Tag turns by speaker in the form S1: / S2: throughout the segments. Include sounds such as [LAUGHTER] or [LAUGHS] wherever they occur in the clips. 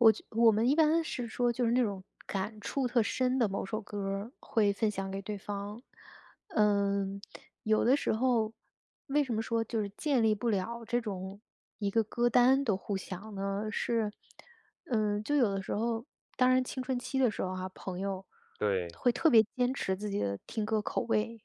S1: 我就我们一般是说就是那种，感触特深的某首歌儿，会分享给对方。嗯，[SMACKS LIPS] 有的时候为什么说就是建立不了这种一个歌单的互享呢？是，[SMACKS LIPS] 嗯就有的时候当然青春期的时候哈，朋友
S2: 对。
S1: 会特别坚持自己的听歌口味。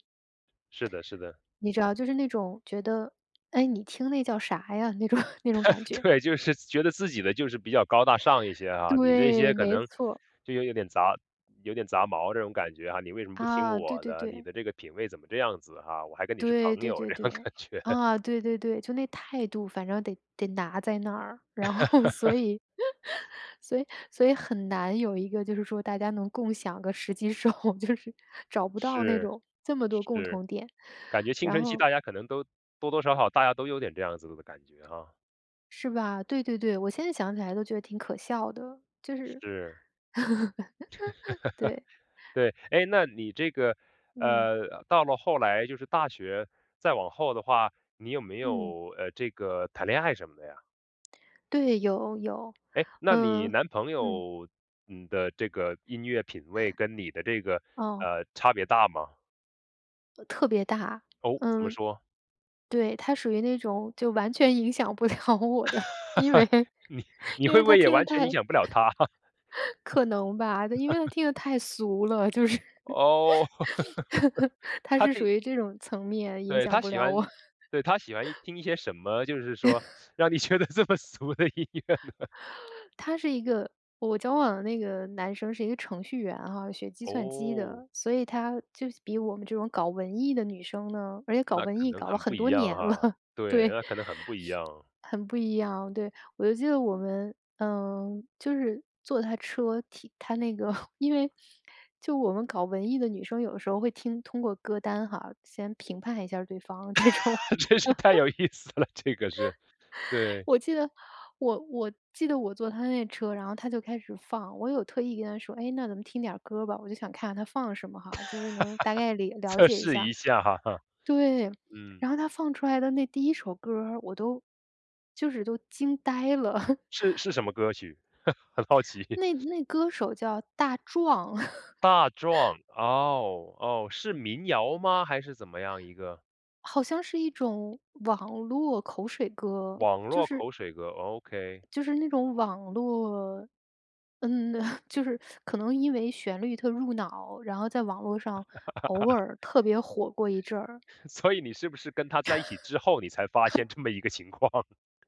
S2: 是的是的。
S1: [SMACKS LIPS] 你知道就是那种觉得，“哎，你听那叫啥呀？”那种 [LAUGHS] 那种感
S2: [LAUGHS]
S1: 觉。
S2: 对，就是觉得自己的就是比较高大上一些啊，你这些
S1: 对，
S2: 可
S1: 没
S2: 能
S1: 错。
S2: 就有点杂有点杂毛这种感觉哈，你为什么不听
S1: 啊，对
S2: 我
S1: 对
S2: 的？你
S1: 对。
S2: 的这个品味怎么这样子哈，我还跟你是
S1: 对
S2: 朋
S1: 对
S2: 友
S1: 对
S2: 这种
S1: 对，
S2: 感觉。
S1: 啊，对对对，就那态度反正得得拿在那儿。然后所
S2: [LAUGHS]
S1: 以 [LAUGHS] 所以所以很难有一个就是说大家能共享个时机时候，就是找不到那
S2: 是，
S1: 种这么多共
S2: 是。
S1: 同点，
S2: 感觉青
S1: 然
S2: 春期
S1: 后
S2: 大家可能都多多少少大家都有点这样子的感觉哈。
S1: 是吧？对对对，我现在想起来都觉得挺可笑的，就是
S2: 是。
S1: [LAUGHS] 对。
S2: [LAUGHS] 对，诶，那你这个
S1: 嗯。
S2: 呃，到了后来就是大学再往后的话，你有没
S1: 嗯。
S2: 有，呃，这个谈恋爱什么的呀？
S1: 对，有有，
S2: 诶，那你
S1: 嗯，
S2: 男朋
S1: 嗯。
S2: 友，嗯的这个音乐品味跟你的这
S1: [CHUCKLES]
S2: 个，
S1: 哦。
S2: 呃，差别大吗？
S1: 呃，特别大。
S2: 哦，怎么
S1: 嗯，
S2: 说？
S1: 对，他属于那种就完全影响不了我的，因为
S2: [LAUGHS] 你你
S1: 因
S2: 会
S1: 为
S2: 不
S1: 他
S2: 会也
S1: 听得
S2: 完全
S1: 太
S2: 影响不了他？
S1: 可能吧，因为他
S2: [LAUGHS]
S1: 听得太俗了，就是
S2: 哦，[LAUGHS]
S1: 他
S2: 他
S1: 是属
S2: 对
S1: 于这种层面影
S2: 对，
S1: 响
S2: 他
S1: 不
S2: 喜
S1: 了我。
S2: 欢对，他喜欢一
S1: [LAUGHS]
S2: 听一些什么，就是说
S1: [LAUGHS]
S2: 让你觉得这么俗的音乐呢？
S1: [INHALES] 他是一个我交往的那个男生是一个程序员哈，学计算机
S2: 哦。
S1: 的。所以他就比我们这种搞文艺的女生呢而且搞
S2: 那
S1: 文
S2: 可
S1: 艺
S2: 能
S1: 搞了
S2: 很不
S1: 很
S2: 一
S1: 多
S2: 样
S1: 年
S2: 哈？
S1: 了，
S2: 对，
S1: 对。
S2: 那可能很不一
S1: [SNIFFS]
S2: 样。
S1: 很不一样，对。我就记得我们嗯，就是坐他车听他那个因为 [SNIFFS] 就我们搞文艺的女生有的时候会听通过歌单哈，先评判一下对方这种。[LAUGHS]
S2: [LAUGHS] 真是太有意思了这个事。对。
S1: 我记得我我记得我坐他那车，然后他就开始放，我有特意跟他说：“哎，那咱们听点歌儿吧。”我就想看看他放什么哈，就是能大概了
S2: [LAUGHS]
S1: 了
S2: 测
S1: 解一
S2: 试
S1: 下。
S2: 一下哈？
S1: 对，
S2: 嗯。
S1: 然后他放出来的那第一首歌儿，我都就是都惊呆了。
S2: 是是什
S1: [CHUCKLES]
S2: 么歌曲？[CHUCKLES] 很好奇。
S1: 那那歌手叫大壮。
S2: 大
S1: [LAUGHS]
S2: 壮，哦，哦，是民谣吗？还是怎么样一个？
S1: 好像是一种网络口水歌，
S2: 网络
S1: 就是
S2: 口水歌，OK。
S1: 就是那种网络嗯 [LAUGHS] 就是 [SUCKS TEETH] 可能因为旋律特入脑，然后在网络上偶
S2: [LAUGHS]
S1: 尔特别火过一阵儿。
S2: 所以你是不是跟他在一起之后，你才发现
S1: [LAUGHS]
S2: 这么一个情况？